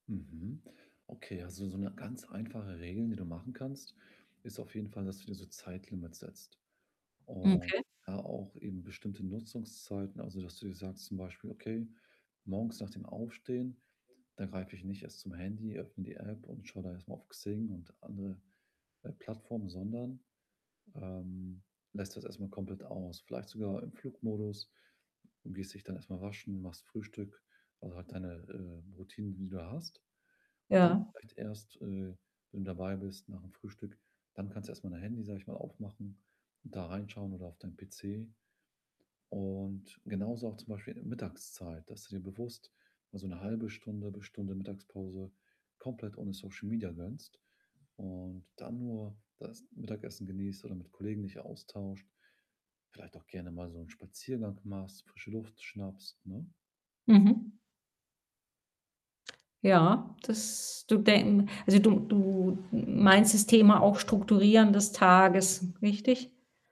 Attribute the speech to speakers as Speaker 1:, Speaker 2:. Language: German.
Speaker 1: Mhm. Okay, also so 'ne ganz einfache Regel, die du machen kannst, ist auf jeden Fall, dass du dir so Zeitlimits setzt und
Speaker 2: Okay.
Speaker 1: da auch eben bestimmte Nutzungszeiten, also das du dir sagst zum Beispiel: „Okay, morgens nach dem Aufstehen, da greife ich nicht erst zum Handy, öffne die App und schaue da erstmal auf Xing und andere, äh, Plattformen”, sondern, ähm, lässt das erstmal komplett aus. Vielleicht sogar im Flugmodus, du gehst dich dann erstmal waschen, machst Frühstück, also halt deine, äh, Routinen, die du da hast. Dann
Speaker 2: Ja.
Speaker 1: vielleicht erst, äh, wenn du dabei bist, nach'm Frühstück dann kannst du erstmal dein Handy, sage ich mal aufmachen und da reinschauen, oder auf deinen PC und genauso, auch zum Beispiel in der Mittagszeit, dass du dir bewusst, mal so 'ne 1/2 Stunde bis Stunde Mittagspause, komplett ohne Social Media gönnst, und dann nur das Mittagessen genießt oder mit Kollegen dich austauscht, vielleicht auch gerne mal so 'n Spaziergang machst, frische Luft schnappst, ne?
Speaker 2: Mhm. Ja, dass du denken also, du du m meinst das Thema auch, Strukturieren des Tages, richtig?